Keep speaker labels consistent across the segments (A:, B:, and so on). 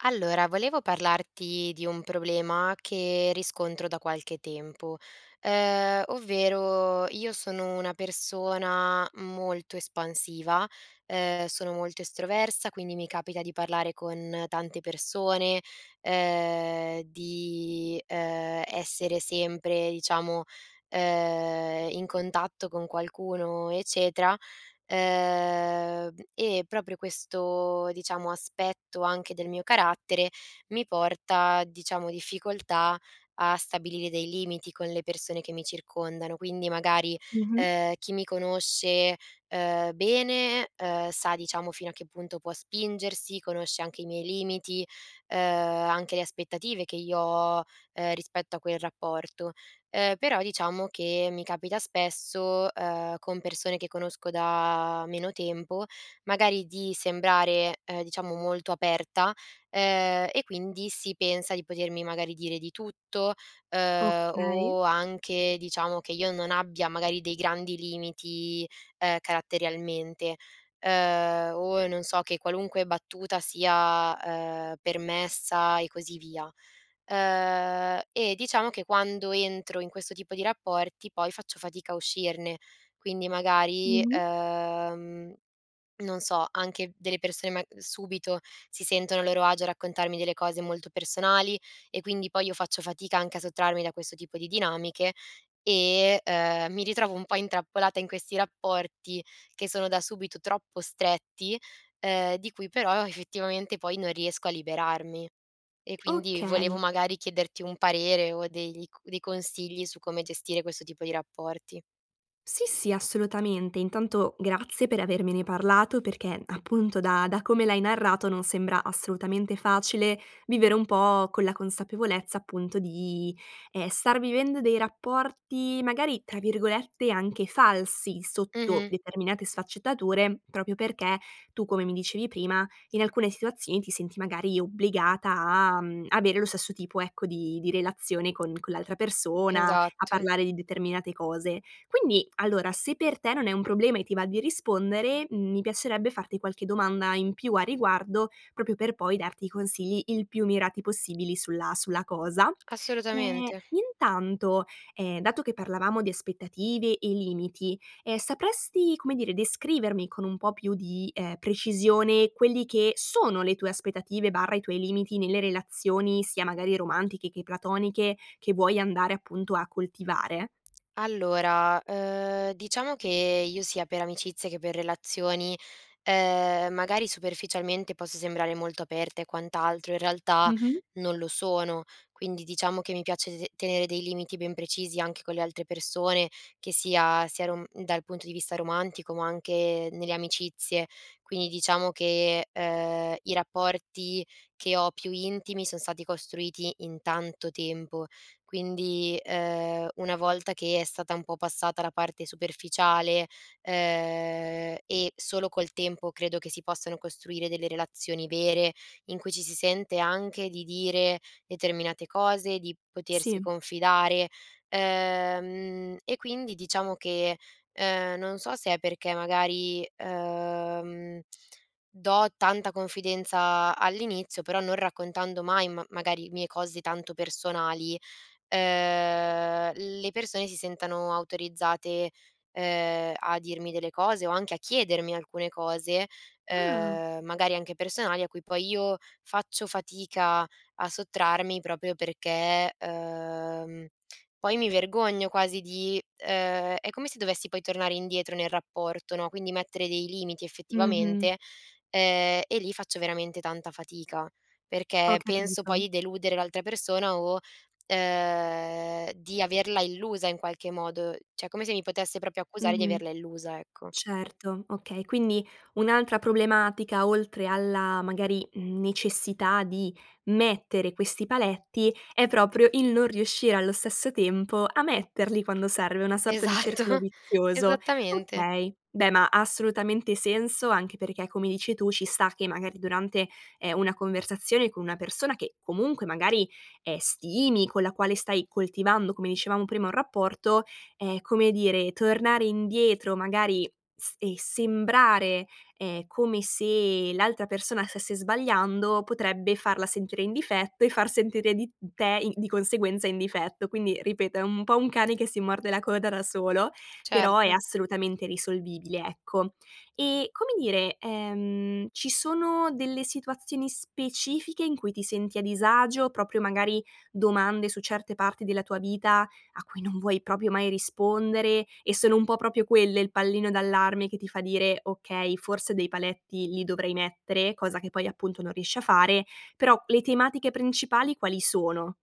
A: Allora, volevo parlarti di un problema che riscontro da qualche tempo, uhm, ovvero, io sono una persona molto espansiva, ehm, sono molto estroversa quindi mi capita di parlare con tante persone, uhm, di, uhm, essere sempre diciamo, uhm, in contatto con qualcuno eccetera, uhm. E proprio questo, diciamo aspetto anche del mio carattere mi porta, diciamo, difficoltà a stabilire dei limiti con le persone che mi circondano. Quindi magari,
B: Mh-mh.
A: uhm, chi mi conosce, uhm, bene, uhm, sa diciamo fino a che punto può spingersi, conosce anche i miei limiti, uhm, anche le aspettative che io ho, uhm, rispetto a quel rapporto. Ehm, però diciamo che mi capita spesso, uhm, con persone che conosco da meno tempo, magari di sembrare, uhm, diciamo molto aperta, ehm, e quindi si pensa di potermi magari dire di tutto, uhm,
B: Okay.
A: o anche diciamo che io non abbia magari dei grandi limiti, ehm, caratterialmente, uhm, o non so che qualunque battuta sia, uhm, permessa e così via. Uhm, e diciamo che quando entro in questo tipo di rapporti, poi faccio fatica a uscirne. Quindi magari,
B: Mh-mh.
A: uhm, non so, anche delle persone mag subito si sentono a loro agio a raccontarmi delle cose molto personali e quindi poi io faccio fatica anche a sottrarmi da questo tipo di dinamiche e, uhm, mi ritrovo un po' intrappolata in questi rapporti che sono da subito troppo stretti, uhm, di cui però effettivamente poi non riesco a liberarmi. E quindi volevo
B: Okay.
A: magari chiederti un parere o degli c dei consigli su come gestire questo tipo di rapporti.
B: Sì, sì, assolutamente. Intanto, grazie per avermene parlato perché, appunto, da da come l'hai narrato non sembra assolutamente facile vivere un pò con la consapevolezza, appunto di, ehm, star vivendo dei rapporti, magari, tra virgolette, anche "falsi", sotto
A: Mh-mh.
B: determinate sfaccettature, proprio perché tu, come mi dicevi prima, in alcune situazioni ti senti, magari, obbligata a, mhmm, avere lo stesso tipo, ecco, di di relazione con con l'altra persona, a
A: Esatto.
B: parlare di determinate cose. Quindi, allora, se per te non è un problema e ti va di rispondere, mhmm, mi piacerebbe farti qualche domanda in più a riguardo, proprio per poi darti i consigli il più mirati possibili sulla sulla cosa. Ehm,
A: Assolutamente.
B: intanto, ehm, dato che parlavamo di aspettative e limiti, ehm, sapresti, come dire, descrivermi con un pò più di, ehm, precisione quelli che sono le tue aspettative/i tuoi limiti nelle relazioni sia, magari, romantiche che platoniche, che vuoi andare, appunto, a coltivare?
A: Allora, uhm, diciamo che io, sia per amicizia che per relazioni, ehm, magari superficialmente posso sembrare molto aperta e quant'altro, in realtà
B: Mh-mh.
A: non lo sono. Quindi, diciamo che mi piace se tenere dei limiti ben precisi anche con le altre persone, che sia sia run dal punto di vista romantico, ma anche nelle amicizie. Quindi, diciamo che, uhm, i rapporti che ho, più intimi, son stati costruiti in tanto tempo. Quindi, uhm, una volta che è stata un pò passata la parte superficiale, uhm, e solo col tempo credo che si possano costruire delle relazioni vere, in cui ci si sente anche di dire determinate cose, di potersi
B: Sì.
A: confidare, uhm, mhmm, e quindi diciamo che, uhm, non so se è perché magari, uhm, mhmm, do tanta confidenza all'inizio, però non raccontando mai ma magari mie cose tanto personali, uhm, le persone si sentano autorizzate, uhm, a dirmi delle cose o anche a chiedermi alcune cose,
B: Ah.
A: uhm, magari anche personali a cui poi io faccio fatica a sottrarmi proprio perché, uhm, mhmm, poi mi vergogno quasi di, uhm, è come se dovessi poi tornare indietro nel rapporto, no, quindi mettere dei limiti
B: Mh-mh.
A: effettivamente, ehm, e lì faccio veramente tanta fatica
B: Ho
A: perché penso poi
B: capito.
A: i deludere l'altra persona o, uhm, di averla illusa in qualche modo; cioè, come se mi potesse proprio accusare di
B: Mh-mh.
A: averla illusa, ecco.
B: Certo. Okay. Quindi, un'altra problematica, oltre alla, magari, mhmm, necessità di mettere questi paletti è proprio il non riuscire allo stesso tempo a metterli quando serve, una sorta di circolo
A: Esatto!
B: vizioso.
A: Esattamente.
B: Okay. Beh, ma ha assolutamente senso anche perché, come dici tu, sci sta che, magari, durante, ehm, una conversazione con una persona che, comunque magari, ehm, stimi, con la quale stai coltivando, come dicevamo prima, un rapporto, ehm, come dire, tornare indietro, magari, s e sembrare, ehm, come se l'altra persona stesse sbagliando, potrebbe farla sentire in difetto e far sentire di te i di conseguenza, in difetto. Quindi, ripeto, è un pò un cane che si morde la coda da solo, però è
A: Certo.
B: assolutamente risolvibile, ecco. E, come dire, ehm, ci sono delle situazioni specifiche in cui ti senti a disagio, proprio magari domande su certe parti della tua vita a cui non vuoi proprio mai rispondere, e sono un pò proprio quelle il pallino d'allarme che ti fa dire: "Okay, forse dei paletti li dovrei mettere," cosa che poi, appunto, non riesci a fare. Però, le tematiche principali quali sono?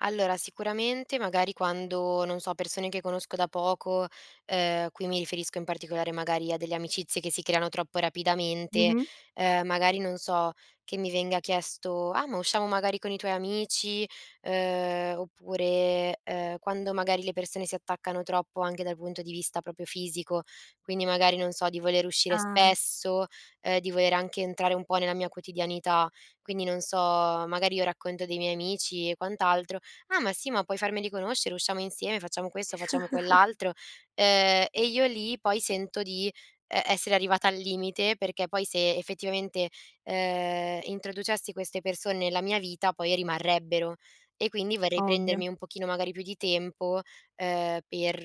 A: Allora, sicuramente, magari quando, non so, persone che conosco da poco, uhm, qui mi riferisco, in particolare, magari, a delle amicizie che si creano troppo rapidamente,
B: Mh-mh.
A: uhm, magari non so, che mi venga chiesto: "Ah, ma usciamo, magari, con i tuoi amici," uhm, oppure, uhm, quando magari le persone si attaccano troppo anche dal punto di vista proprio fisico quindi, magari, non so di voler uscire
B: Ah.
A: spesso, uhm, di voler anche entrare un pò nella mia quotidianità, quindi non so, magari io racconto dei miei amici e quant'altro: "Ah, ma sì! Ma puoi farmeli conoscere, usciamo insieme, facciamo questo, facciamo quell'altro," uhm, e io lì poi sento di e essere arrivata al limite, perché poi se, effettivamente, ehm, introducessi queste perso nella mia vita poi rimarrebbero; e quindi vorrei
B: Ovvio.
A: prendermi un pochino, magari, più di tempo, ehm, per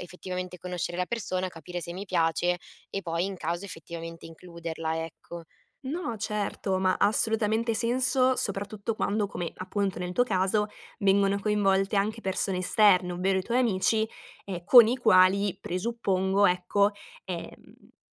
A: effettivamente conoscere la persona, capire se mi piace e poi, in caso, effettivamente includerla, ecco.
B: No, certo. Ma ha assolutamente senso, soprattutto quando come, appunto, nel tuo caso vengono coinvolte anche persone esterne, ovvero i tuoi amici, ehm, con i quali, presuppongo, ecco, ehm,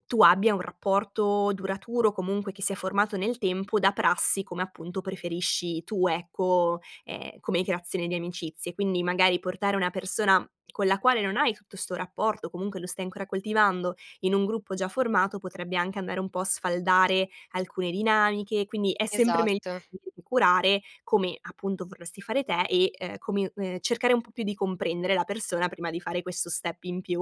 B: tu abbia un rapporto duraturo, comunque che si è formato nel tempo da prassi, come appunto, preferisci tu, ecco, ehm, come creazione di amicizie. Quindi, magari, portare una persona con la quale non hai tutto 'sto rapporto, comunque lo stai ancora coltivando, in un gruppo già formato, potrebbe anche andare un pò a sfaldare alcune dinamiche quindi, è sempre megl
A: Esatto.
B: curare come, appunto, vorresti fare te e, ehm, come ehm, cercare un pò più di comprendere la persona prima di fare questo step in più.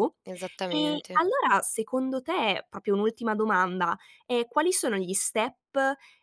B: Ehm,
A: Esattamente.
B: allora, secondo te, proprio un'ultima domanda, ehm, quali sono gli step,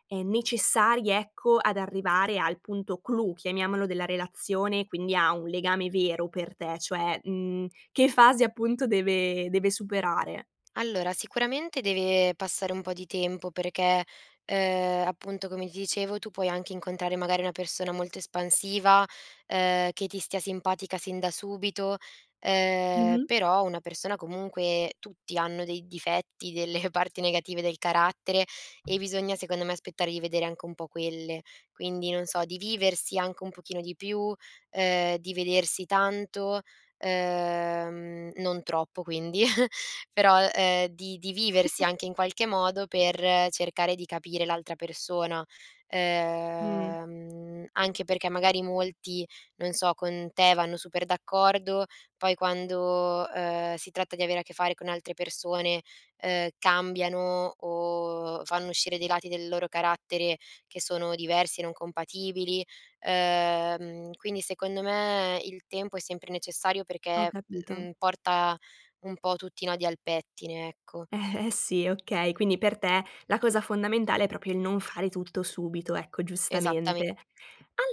B: ehm, necessari, ecco, ad arrivare al punto clou, chiamiamolo, della relazione quindi a un legame vero per te? Cioè, mhmm, che fase appunto deve deve superare?
A: Allora, sicuramente deve passare un pò di tempo perché, uhm, appunto, come ti dicevo, tu puoi anche incontrare magari una persona molto espansiva, uhm, che ti stia simpatica sin da subito, uhm,
B: Mh-mh.
A: però una persona comunque tutti hanno dei difetti, delle parti negative del carattere e bisogna, secondo me, aspettare di vedere anche un pò quelle. Quindi, non so, di viversi anche un pochino di più, uhm, di vedersi tanto, uhm, mhmm, non troppo quindi. Però, uhm, di di viversi anche in qualche modo per cercare di capire l'altra persona.
B: Mh.
A: Uhm, mhmm, anche perché magari molti, non so, con te vanno super d'accordo poi quando, uhm, si tratta di avere a che fare con altre persone, uhm, cambiano o fanno uscire dei lati del loro carattere che sono diversi e non compatibili, uhm, mhmm, quindi secondo me il tempo è sempre necessario
B: Ho
A: perché,
B: capito.
A: mhmm, porta un pò tutti i nodi al pettine, ecco.
B: Eh, eh sì, okay. Quindi per te la cosa fondamentale è proprio il non fare tutto subito, ecco,
A: Esattame
B: giustamente.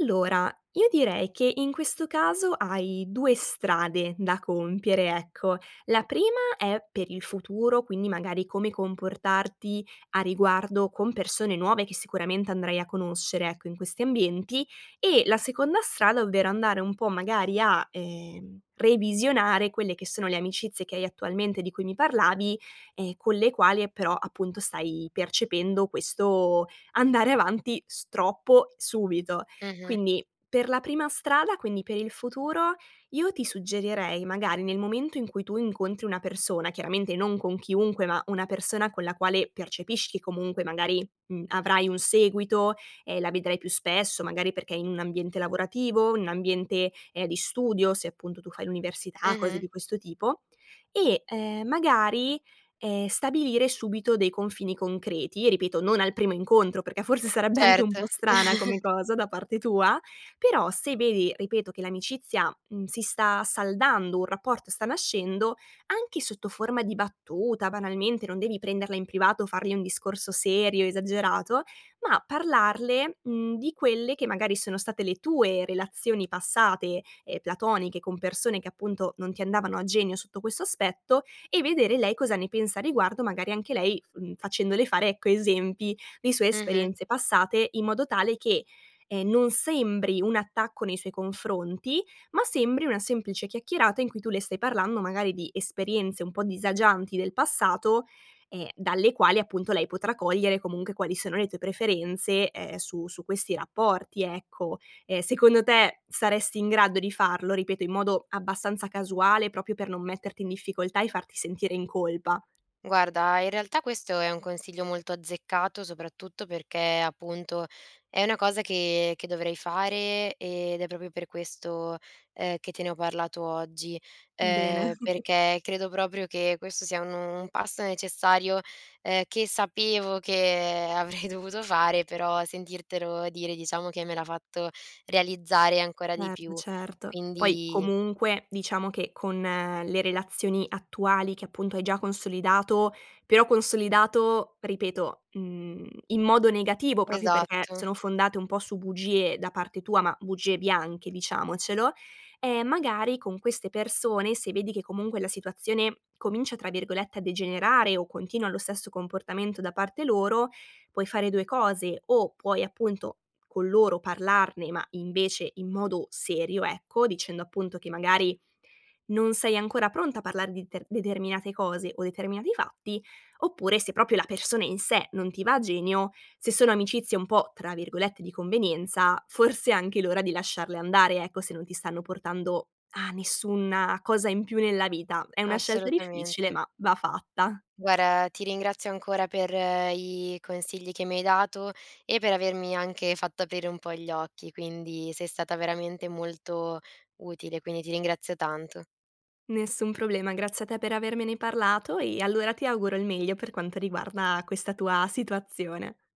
B: Allora, io direi che in questo caso hai 2 strade da compiere, ecco: la prima è per il futuro, quindi, magari, come comportarti a riguardo con persone nuove che sicuramente andrai a conoscere, ecco, in questi ambienti; e la seconda strada, ovvero, andare un pò magari a, ehm, revisionare quelle che sono le amicizie che hai attualmente di cui mi parlavi, ehm, con le quali, ehm, però, appunto, stai percependo questo andare avanti, s troppo, subito.
A: Mh-mh.
B: Quindi, per la prima strada, quindi per il futuro, io ti suggerirei, magari, nel momento in cui tu incontri una persona, chiaramente non con chiunque ma una persona con la quale percepisci comunque magari, mhmm, avrai un seguito, ehm, la vedrai più spesso, magari perché è in un ambiente lavorativo? In un ambiente, ehm, di studio, se appunto tu fai l'università, cose
A: Mh-mh.
B: di questo tipo e, ehm, magari, ehm, stabilire subito dei confini concreti, ripeto, non al primo incontro perché forse sarebbe anche un
A: Certo.
B: pò strana come cosa da parte tua, però se vedi, ripeto, che l'amicizia, mhmm, si sta saldando, un rapporto sta nascendo, anche sotto forma di battuta, banalmente, non devi prenderla in privato o fargli un discorso serio, esagerato, ma parlarle, mhmm, di quelle che magari sono state le tue relazioni passate, ehm, platoniche, con persone che appunto non ti andavano a genio sotto questo aspetto, e vedere lei cosa ne pensa a riguardo, magari anche lei f mhmm, facendole fare, ecco, esempi di sue
A: Mh-mh.
B: esperienze passate in modo tale che, ehm, non sembri un attacco nei suoi confronti, ma sembri una semplice chiacchierata in cui tu le stai parlando magari di esperienze un pò disagianti del passato, ehm, dalle quali appunto lei potrà cogliere comunque quali sono le tue preferenze, ehm, su su questi rapporti, ecco. Ehm, secondo te saresti in grado di farlo? Ripeto, in modo abbastanza casuale, proprio per non metterti in difficoltà e farti sentire in colpa?
A: Guarda, in realtà questo è un consiglio molto azzeccato soprattutto perché, appunto, è una cosa che che dovrei fare, ed è proprio per questo, ehm, che te ne ho parlato oggi;
B: Bene.
A: ehm, perché credo proprio che questo sia nu un passo necessario, ehm, che sapevo che avrei dovuto fare, però sentirtelo dire, diciamo che me l'ha fatto realizzare ancora di
B: Erto,
A: più.
B: certo. Poi
A: Quindi
B: comunque, diciamo che, con le relazioni attuali che, appunto, hai già consolidato però consolidato, ripeto, mhmm, in modo negativo, proprio perché
A: Esatto.
B: sono fondate un pò su bugie da parte tua, ma bugie bianche, diciamocelo, ehm, magari con queste persone, se vedi che comunque la situazione comincia, tra virgolette, "a degenerare" o continua lo stesso comportamento da parte loro, puoi fare 2 cose: o puoi, appunto, con loro, parlarne ma, invece, in modo serio, ecco, dicendo appunto che magari non sei ancora pronta a parlar di ter determinate cose o determinati fatti; oppure, se proprio la persona in sé non ti va a genio, se sono amicizie un pò, tra virgolette, "di convenienza" forse è anche l'ora di lasciarle andare, ecco, se non ti stanno portando a nessuna cosa in più nella vita; è una scelta difficile,
A: Assolutamente.
B: ma va fatta.
A: Guarda ti ringrazio ancora per i consigli che mi hai dato, e per avermi anche fatto aprire un pò gli occhi. Quindi, sei stata veramente molto utile, quindi ti ringrazio tanto.
B: Nessun problema, grazie a te per avermene parlato e allora ti auguro il meglio per quanto riguarda questa tua situazione.